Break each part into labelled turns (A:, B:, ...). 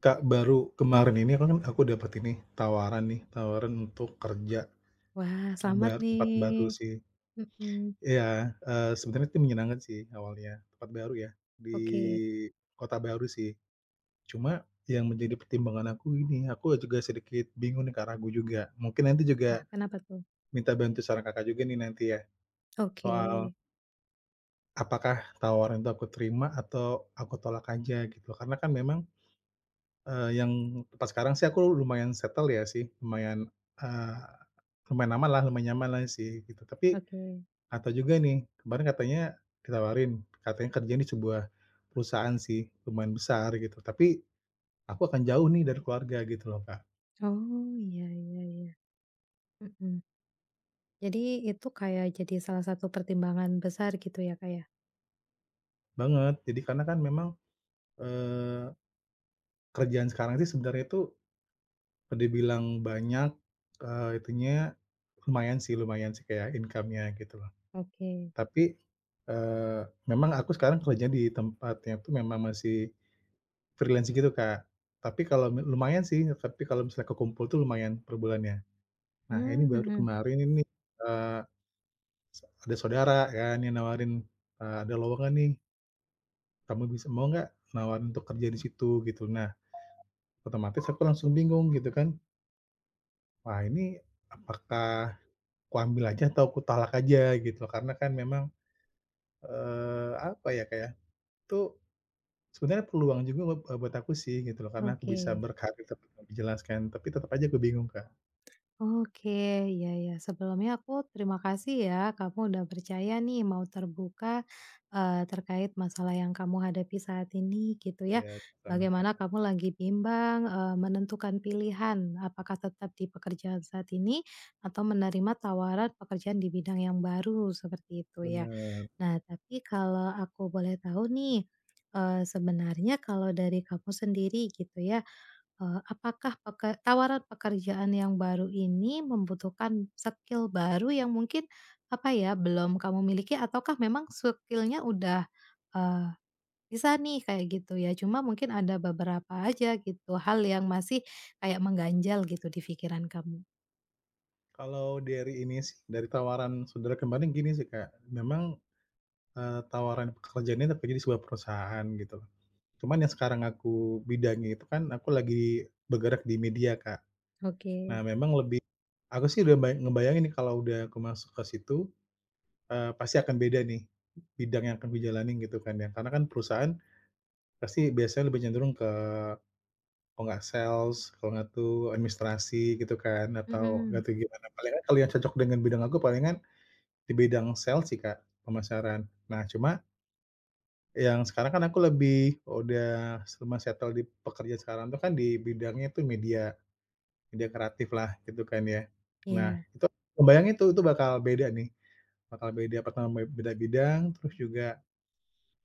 A: Kak, baru kemarin ini aku kan aku dapat ini tawaran nih, tawaran untuk kerja,
B: Wah selamat
A: bar tempat baru
B: nih,
A: sih,
B: mhm.
A: iya, eee, sebenarnya itu menyenangkan sih awalnya, tempat baru ya di
B: Oke.
A: kota baru sih. Cuma yang menjadi pertimbangan aku ini aku juga sedikit bingung nih, Kak, ragu juga, mungkin nanti
B: Wah
A: juga,
B: kenapa tuh?
A: minta bantu saran, Kakak, juga nih nanti ya, soal
B: Oke.
A: apakah tawaran itu aku terima atau aku tolak aja gitu. Karena kan memang, eee, yang tempat sekarang sih aku lumayan settle ya sih lumayan, eee, lumayan aman lah, lumayan nyaman lah sih gitu. Tapi,
B: Oke.
A: ada juga nih kemarin katanya ditawarin, katanya kerjanya di sebuah, perusahaan sih lumayan besar gitu. Tapi, aku akan jauh nih dari keluarga gitu loh, Kak.
B: Oh, iya iya iya, mhm. Jadi itu kayak jadi salah satu pertimbangan besar gitu ya, Kak, ya?
A: Banget, jadi karena kan memang, eee, kerjaan sekarang sih sebenarnya itu, dibilang banyak, eee, itunya lumayan sih lumayan sih kayak income-nya gitu loh.
B: Oke.
A: Tapi, eee, memang aku sekarang kerja di tempatnya itu memang masih freelance gitu, Kak, tapi kalau lu lumayan sih, tapi kalau misalnya kekumpul itu lumayan per bulannya. Nah, ini
B: Mmm,
A: baru
B: mhm.
A: kemarin ini, eee, s ada saudara kan yang nawarin, eee, ada lowongan nih. Kamu bisa mau gak, nawarin untuk kerja di situ gitu. Nah, otomatis aku langsung bingung gitu kan. Wah, ini apakah aku ambil aja atau aku tolak aja gitu. Karena kan memang, eee, apa ya Kak, ya, itu sebenarnya peluang juga web eee, buat aku sih gitu loh. Karena, aku bisa
B: Oke.
A: berkarir seperti yang dijelaskan, tapi tetap aja aku bingung Kak.
B: Oke. Ya ya, sebelumnya aku terima kasih ya, kamu udah percaya nih mau terbuka, eee, terkait masalah yang kamu hadapi saat ini, gitu ya.
A: Ya, sama-sama, Kak.
B: Bagaimana kamu lagi bimbang, eee, menentukan pilihan apakah tetap di pekerjaan saat ini atau menerima tawaran pekerjaan di bidang yang baru, seperti itu ya.
A: Bener.
B: Nah, tapi kalau aku boleh tahu nih, eee, sebenarnya kalau dari kamu sendiri, gitu ya, eee, apakah peke tawaran pekerjaan yang baru ini, membutuhkan skill baru yang mungkin, apa ya belum kamu miliki ataukah memang skill-nya udah, eee, bisa nih kayak gitu ya, cuma mungkin ada beberapa aja gitu hal yang masih kayak mengganjal gitu, di pikiran kamu?
A: Kalau dari ini sih, dari tawaran saudara kemarin gini sih, Kak, memang, eee, tawaran pekerjaannya itu tapi di sebuah perusahaan gitu. Cuman yang sekarang aku bidangnya itu kan aku lagi bergerak di media, Kak. Nah,
B: Oke.
A: memang lebih aku sih udah ngeba ngebayangin nih kalau udah aku masuk ke situ, eee, pasti akan beda nih bidang yang akan dijalani gitu kan ya. Karena kan perusahaan pasti biasanya lebih cenderung ke kalau nggak sales kalau nggak tuh administrasi gitu kan atau gak
B: Mhm.
A: tau gimana, palingan kalau yang cocok dengan bidang aku palingan di bidang sales sih, Kak, pemasaran. Nah, cuma yang sekarang kan aku lebih udah sema settle di pekerja sekarang tuh kan di bidangnya itu media, media kreatif lah gitu kan ya. Nah,
B: Iya.
A: itu aku ngebayangin itu itu bakal beda nih, bakal beda, pertam be beda bidang, terus juga,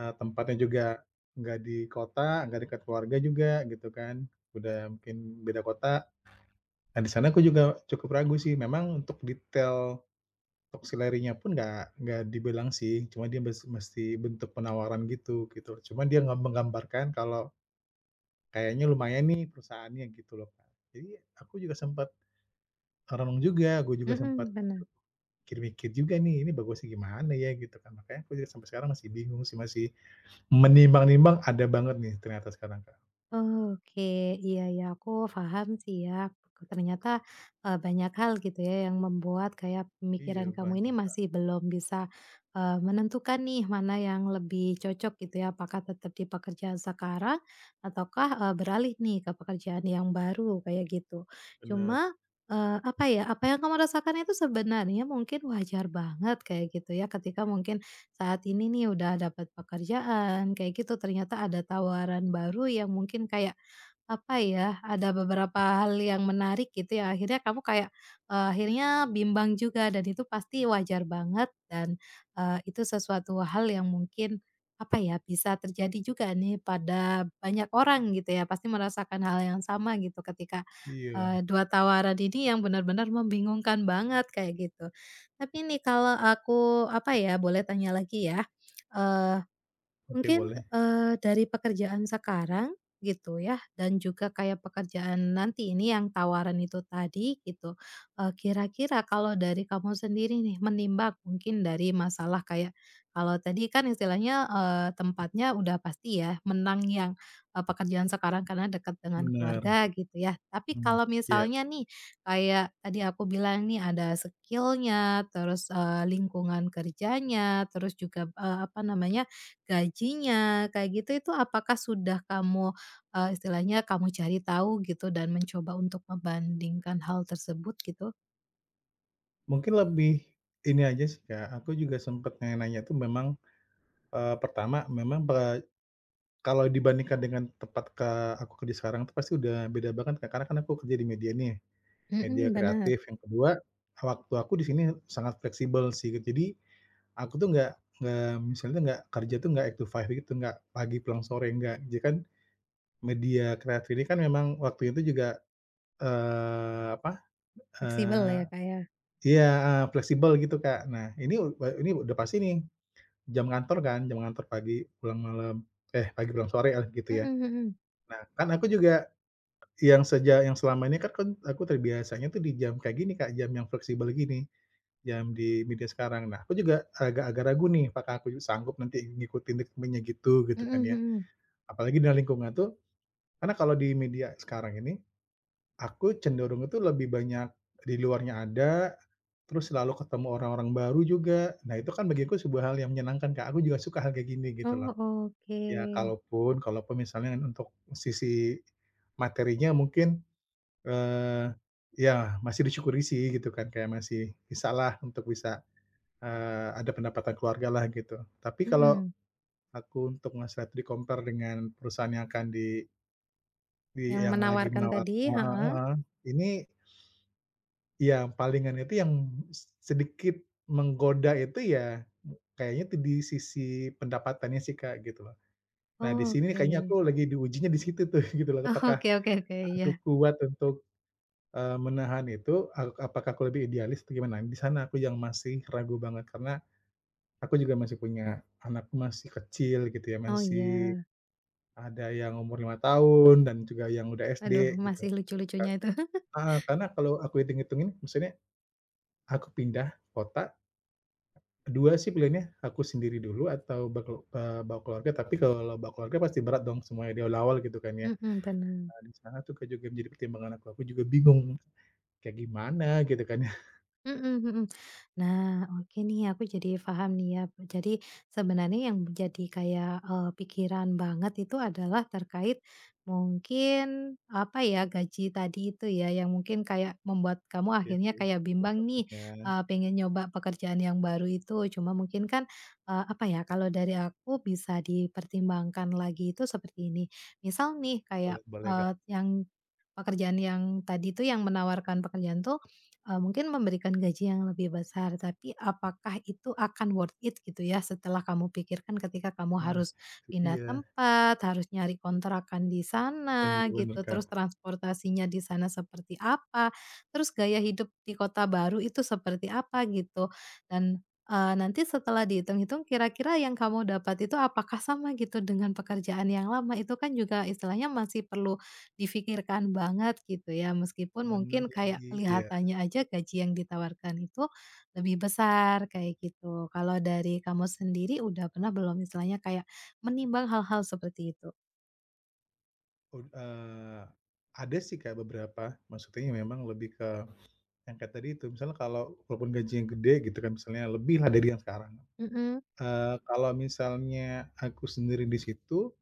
A: eee, tempatnya juga nggak di kota, nggak dekat keluarga juga gitu kan, udah mungkin beda kota. Nah, di sana aku juga cukup ragu sih memang untuk detail top salary-nya pun nggak nggak dibilang sih cuma dia mes mesti bentuk penawaran gitu gitu. Cuma dia nge menggambarkan kalau kayaknya lumayan nih perusahaannya gitu loh, Kak. Jadi aku juga sempat merenung juga, aku juga sempat
B: Mhm, benar.
A: mikir-mikir juga nih ini bagusnya gimana ya gitu kan. Makanya aku sampai sekarang masih bingung sih masih menimbang-nimbang ada banget nih ternyata sekarang, Kak.
B: Oke. Iya iya, aku faham sih, ya. Ternyata, eee, banyak hal, gitu ya, yang membuat kayak pemikiran
A: Iya,
B: kamu ini
A: banyak, Kak.
B: masih belum bisa, eee, menentukan nih mana yang lebih cocok, gitu ya. Apakah tetap di pekerjaan sekarang, ataukah, eee, beralih nih ke pekerjaan yang baru, kayak gitu.
A: Bener.
B: Cuma, eee, apa ya, apa yang kamu rasakan itu sebenarnya mungkin wajar banget, kayak gitu, ya. Ketika mungkin saat ini nih udah dapat pekerjaan, kayak gitu, ternyata ada tawaran baru yang mungkin kayak, apa ya, ada beberapa hal yang menarik, gitu ya, akhirnya kamu kayak, eee, akhirnya bimbang juga dan itu pasti wajar banget dan, eee, itu sesuatu hal yang mungkin, apa ya, bisa terjadi juga nih pada banyak orang, gitu ya, pasti merasakan hal yang sama, gitu, ketika,
A: Iya.
B: eee 2 tawaran ini yang benar-benar membingungkan banget, kayak gitu. Tapi nih, kalau aku, apa ya, boleh tanya lagi ya, eee,
A: Oke,
B: mungkin,
A: boleh.
B: eee, dari pekerjaan sekarang, gitu ya, dan juga kayak pekerjaan nanti ini yang tawaran itu tadi gitu, eee, kira-kira kalau dari kamu sendiri nih, menimbang mungkin dari masalah kayak kalau tadi kan istilahnya, eee, tempatnya udah pasti ya, menang yang, eee, pekerjaan sekarang karena dekat dengan
A: Bener.
B: keluarga, gitu ya. Tapi
A: Mmm,
B: kalau
A: iya.
B: misalnya nih kayak tadi aku bilang nih ada skill-nya, terus, eee, lingkungan kerjanya, terus juga p eee, apa namanya, gajinya, kayak gitu, itu apakah sudah kamu, eee, istilahnya kamu cari tahu gitu dan mencoba untuk membandingkan hal tersebut, gitu?
A: Mungkin lebih, ini aja sih Kak, aku juga sempat nanya-nanya itu memang, eee, pertama memang ba kalau dibandingkan dengan tempat ka aku kerja sekarang, itu pasti udah beda banget Kak. Karena kan aku kerja di media nih, media
B: Hmm, benar.
A: kreatif. Yang kedua, waktu aku di sini sangat fleksibel sih. Jadi, aku tuh nggak nggak misalnya nggak kerja tuh nggak 8-5 gitu, nggak pagi pulang sore, nggak. Jadi kan, media kreatif ini kan memang waktunya tuh juga, eee, apa,
B: Fleksibel
A: eee,
B: ya Kak ya?
A: iya, heeh, fleksibel gitu Kak. Nah, ini e ini udah pasti nih. Jam kantor kan, jam kantor pagi pulang malam eh, pagi pulang sore lah gitu
B: Mhm
A: ya.
B: mhm.
A: Nah kan aku juga, yang sejak, yang selama ini kan kan aku terbiasanya tuh di jam kayak gini Kak, jam yang fleksibel gini, jam di media sekarang. Nah aku juga, agak-agak ragu nih apakah aku sanggup nanti ngikutin ritmenya gitu, gitu
B: Mhm
A: kan ya.
B: mhm.
A: Apalagi dalam lingkungan itu, karena kalau di media sekarang ini, aku cenderungnya tuh lebih banyak di luarnya ada, terus selalu ketemu orang-orang baru juga. Nah itu kan bagiku sebuah hal yang menyenangkan Kak, aku juga suka hal kayak gini gitu loh.
B: Oh,
A: Ya
B: oke.
A: kalaupun kalaupun misalnya untuk sisi materinya mungkin, eee, ya masih disyukuri sih, gitu kan, kayak masih bisa lah untuk bisa, eee, ada pendapatan keluarga lah gitu. Tapi kalau,
B: Hmm.
A: aku untuk ngeset, di-compare dengan perusahaan yang akan di Di
B: Yang
A: yang lagi
B: menawarkan
A: menawar
B: tadi?
A: heeh
B: Heeh.
A: heeh, ini iya palingan itu yang s sedikit menggoda itu ya, kayaknya itu di sisi pendapatannya sih, Kak, gitu loh. Nah, di
B: Oh,
A: sini kayaknya
B: oke.
A: aku lagi diujinya di situ tuh gitu loh.
B: Oh,
A: Apakah
B: oke oke oke,
A: aku
B: iya.
A: kuat untuk, eee, menahan itu, a apakah aku lebih idealis atau gimana. Di sana aku yang masih ragu banget karena aku juga masih punya anak masih kecil gitu ya,
B: Oh,
A: masih
B: iya.
A: ada yang umur 5 tahun dan juga yang udah SD
B: Aduh,
A: gitu,
B: masih
A: Kak.
B: lucu-lucunya itu
A: Heeh, karena kalau aku hitung-hitungin maksudnya aku pindah kota, dua sih pilihannya aku sendiri dulu atau baku eee, bawa keluarga, tapi kalau bawa keluarga pasti berat dong semuanya di awal-awal gitu kan ya.
B: Mhm, bener.
A: Nah di sana tuh, Kak, juga menjadi pertimbangan aku aku juga bingung, kayak gimana gitu kan ya?
B: Mhm mhm. Nah, oke nih aku jadi faham nih ya. M jadi sebenarnya yang jadi kayak, eee, pikiran banget itu adalah terkait mungkin, apa ya, gaji tadi itu ya yang mungkin kayak membuat kamu
A: Iya
B: akhirnya
A: sih,
B: kayak
A: salah
B: bimbang nih,
A: satunya.
B: eee, pengen nyoba pekerjaan yang baru itu. Cuma mungkin kan, eee, apa ya kalau dari aku bisa dipertimbangkan lagi itu seperti ini. Misal nih
A: Boleh
B: kayak,
A: boleh, Kak.
B: eee, yang pekerjaan yang tadi itu yang menawarkan pekerjaan itu, eee, mungkin memberikan gaji yang lebih besar tapi apakah itu akan worth it gitu ya setelah kamu pikirkan ketika kamu
A: Nah,
B: harus
A: itu
B: pindah
A: dia.
B: tempat, harus nyari kontrakan di
A: Bener
B: sana gitu,
A: bener,
B: terus
A: Kak.
B: transportasinya di sana seperti apa, terus gaya hidup di kota baru itu seperti apa gitu. Dan, eee, nanti setelah dihitung-hitung kira-kira yang kamu dapat itu apakah sama gitu dengan pekerjaan yang lama itu kan juga istilahnya masih perlu dipikirkan banget gitu ya. Meskipun
A: Bener
B: mungkin kayak
A: lagi, iya.
B: kelihatannya aja gaji yang ditawarkan itu lebih besar kayak gitu. Kalau dari kamu sendiri udah pernah belum istilahnya kayak menimbang hal-hal seperti itu?
A: Ud eee, ada sih, Kak, beberapa. Maksudnya ya memang lebih ke yang kayak tadi itu. Misalnya kalau walaupun gajinya gede, gitu kan, misalnya lebih lah dari yang sekarang,
B: Mhm.
A: eee, kalau misalnya aku sendiri di situ,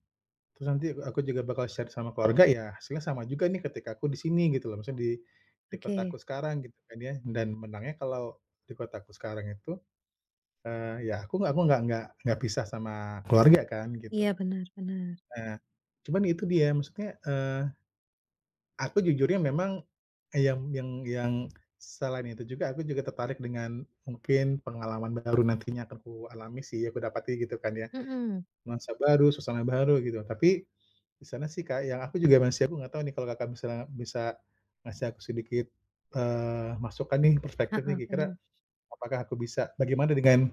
A: terus nanti, e aku juga bakal share sama keluarga, ya, hasilnya sama juga nih ketika aku di sini, gitu loh. Maksudnya di di
B: Oke.
A: kotaku sekarang, gitu kan ya. Dan menangnya kalau di kotaku sekarang itu, eee, ya aku nggak aku nggak nggak nggak pisah sama keluarga kan, gitu.
B: Iya, benar benar.
A: Heeh, cuman itu dia, maksudnya, eee, aku jujur ya memang, e yang yang yang selain itu juga aku juga tertarik dengan mungkin pengalaman baru nantinya akan ku alami sih, aku dapati, gitu kan ya.
B: Mhm.
A: Nuansa baru, suasana baru, gitu. Tapi di sana sih, Kak, yang aku juga masih aku nggak tahu nih kalau Kakak misalnya bisa ngasih aku sedikit, eee, masukan nih, perspektif nih,
B: Heeh,
A: kira-kira
B: benar.
A: apakah aku bisa bagaimana dengan,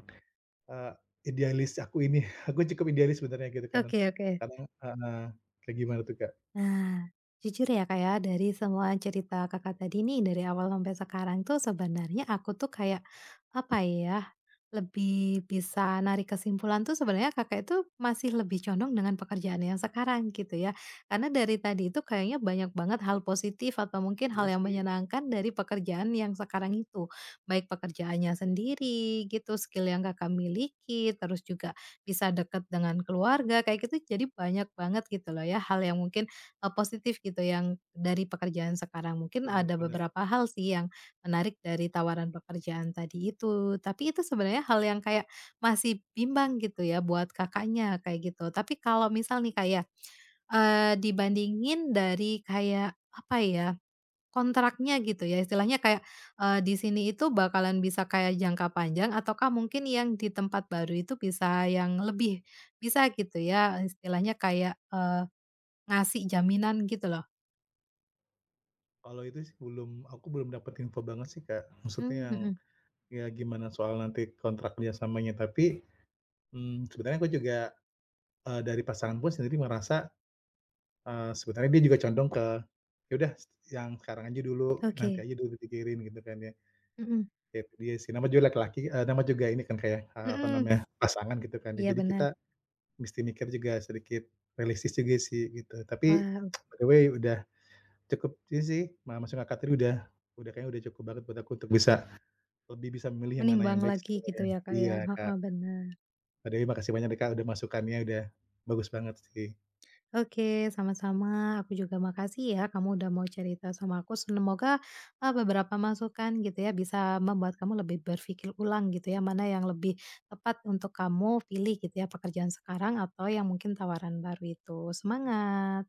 A: eee, idealis aku ini? Aku cukup idealis sebenarnya, gitu kan.
B: Oke oke.
A: Kadang heeh. Kayak gimana tuh, Kak?
B: Nah, jujur ya, Kak, ya, dari semua cerita Kakak tadi nih dari awal sampai sekarang tuh sebenarnya aku tuh kayak, apa ya, lebih bisa narik kesimpulan tuh sebenarnya Kakak itu masih lebih condong dengan pekerjaan yang sekarang, gitu ya. Karena dari tadi itu kayaknya banyak banget hal positif atau mungkin hal
A: Iya
B: yang
A: sih.
B: menyenangkan dari pekerjaan yang sekarang itu. Baik pekerjaannya sendiri, gitu, skill yang Kakak miliki, terus juga bisa deket dengan keluarga, kayak gitu. Jadi banyak banget gitu loh ya, hal yang mungkin, e positif gitu, yang dari pekerjaan sekarang. Mungkin
A: Bener,
B: ada
A: bener.
B: beberapa hal sih yang menarik dari tawaran pekerjaan tadi itu, tapi itu sebenarnya hal yang kayak masih bimbang, gitu ya, buat Kakaknya, kayak gitu. Tapi kalau misal nih, Kak, ya, eee, dibandingin dari kayak, apa ya, kontraknya, gitu ya, istilahnya kayak, eee, di sini itu bakalan bisa kayak jangka panjang ataukah mungkin yang di tempat baru itu bisa yang lebih bisa, gitu ya, istilahnya kayak, eee, ngasih jaminan, gitu loh?
A: Kalau itu sih belum aku belum dapat info banget sih, Kak. Maksudnya
B: Mmm,
A: yang,
B: mhm.
A: ya gimana soal nanti kontrak kerjasamanya. Tapi, mmm, sebenarnya aku juga, e dari pasangan pun sendiri merasa, eee, sebenarnya dia juga condong ke ya udah s yang sekarang aja dulu, nanti
B: Oke.
A: aja dulu dipikirin, gitu kan ya.
B: Mhm.
A: Ya itu dia sih, namanya juga laki-laki, e nama juga ini kan, Kak, ya, eee, apa
B: Mhm.
A: namanya? Pasangan gitu kan. De
B: Iya,
A: jadi kita
B: benar.
A: mesti mikir juga sedikit realistis juga sih, gitu. Tapi
B: Wow.
A: by the way udah cukup sih, ma masuk Kakak tadi udah udah kayaknya udah cukup banget buat aku untuk bisa, lebih bisa memilih yang mana yang
B: Menimbang
A: baik
B: lagi gitu
A: sebenarnya.
B: ya, Kak,
A: Iya,
B: ya?
A: Kak.
B: Heeh, benar.
A: By the way makasih banyak deh, Kak, udah masukannya, udah bagus banget sih.
B: Oke, sama-sama. Aku juga makasih ya, kamu udah mau cerita sama aku. Semoga, e beberapa masukan, gitu ya, bisa membuat kamu lebih berpikir ulang, gitu ya, mana yang lebih tepat untuk kamu pilih, gitu ya, pekerjaan sekarang atau yang mungkin tawaran baru itu. Semangat!